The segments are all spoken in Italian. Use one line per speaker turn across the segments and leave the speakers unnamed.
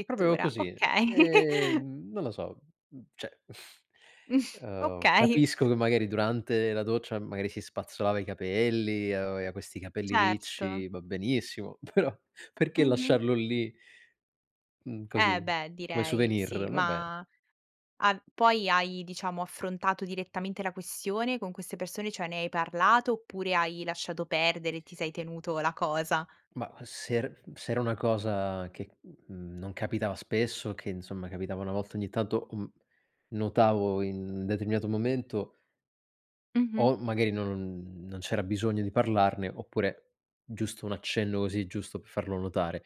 È proprio così.
okay.
Ehm, non lo so, mhmm, cioè ehm,
Okay.
capisco che magari durante la doccia, magari si spazzolava i capelli, aveva questi capelli
Certo.
ricci, va benissimo, però perché
Mh-mh.
lasciarlo lì? Mhmm,
Eh
così,
beh
come
direi, sì,
souvenir, va beh.
ma a poi hai diciamo affrontato direttamente la questione con queste persone, cioè ne hai parlato oppure hai lasciato perdere, ti sei tenuto la cosa?
Ma se er se era una cosa che n non capitava spesso, che insomma capitava una volta ogni tanto, uhm, notavo in determinato momento
Mh-mh.
o magari non non c'era bisogno di parlarne oppure giusto un accenno così, giusto per farlo notare.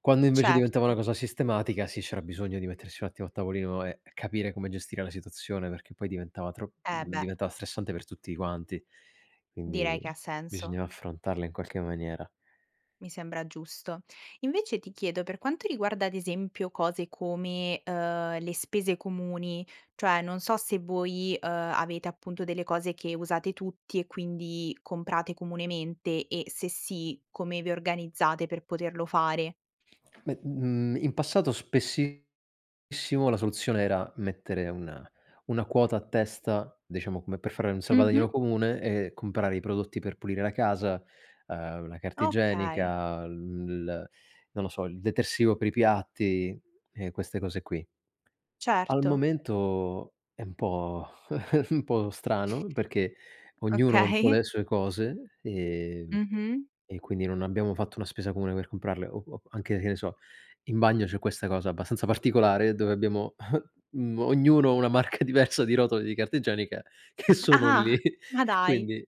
Quando invece diventava una
Certo.
cosa sistematica, sì, c'era bisogno di mettersi un attimo a tavolino e capire come gestire la situazione perché poi diventava tro
Eh
mhmm,
beh.
diventava stressante per tutti quanti. Quindi
Direi che ha senso.
bisognava affrontarla in qualche maniera.
Mi sembra giusto. Invece ti chiedo, per quanto riguarda ad esempio cose come, uhm, le spese comuni, cioè non so se voi, uhm, avete appunto delle cose che usate tutti e quindi comprate comunemente e se sì, come vi organizzate per poterlo fare?
Me mhmm, in passato spessissimo la soluzione era mettere una una quota a testa, diciamo come per fare un
Mh-mh.
salvadanaio comune, e comprare i prodotti per pulire la casa, uhm, la carta
Okay.
igienica, il non lo so, il detersivo per i piatti e queste cose qui. Al
Certo.
momento è un po' è un po' strano perché ognuno un po' ha
Okay.
le sue cose e
Mh-mh.
e quindi non abbiamo fatto una spesa comune per comprarle o o anche, che ne so, in bagno c'è questa cosa abbastanza particolare dove abbiamo, mhmm, ognuno una marca diversa di rotoli di carta igienica che sono
Ah,
lì.
ma dai,
Quindi,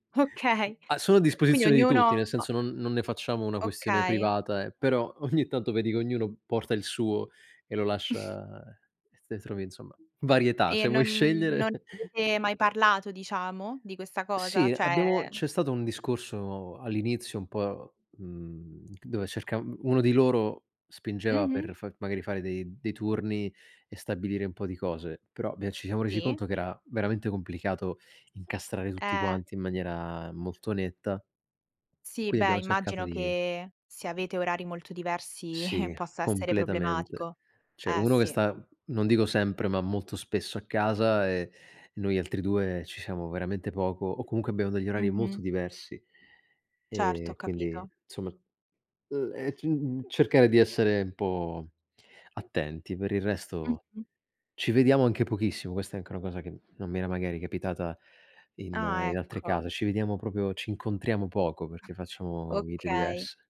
mhmm,
okay.
a sono a
Quindi
disposizione di tutti, nel
ognuno
senso non non ne facciamo una questione
Okay.
privata eh, però ogni tanto vedi che ognuno porta il suo e lo lascia e te trovi insomma varietà,
E
se vuoi
non non
scegliere.
avete mai parlato, diciamo, di questa cosa?
Sì,
Cioè
abbiamo c'è stato un discorso all'inizio un po', mhmm, dove cerca uno di loro spingeva per
Mh-mh.
fa magari fare dei dei turni e stabilire un po' di cose, però bia ci siamo resi
Sì.
conto che era veramente complicato incastrare tutti
Eh.
quanti in maniera molto netta,
Sì,
quindi
beh
abbiamo cercato
immagino
di
che se avete orari molto diversi
Sì,
possa essere
completamente.
problematico.
Cioè
Eh
uno che
sì.
sta, non dico sempre, ma molto spesso a casa e noi altri 2 ci siamo veramente poco o comunque abbiamo degli orari molto
Mh-mh.
diversi
Certo,
e
ho
quindi
capito.
insomma, mhmm, ehm, uhm, cercare di essere un po' attenti. Per il resto,
Mh-mh.
ci vediamo anche pochissimo, questa è anche una cosa che non mi era magari capitata in
Ah
in altre
ecco.
case, ci vediamo proprio ci incontriamo poco, perché facciamo vite
Okay.
diverse.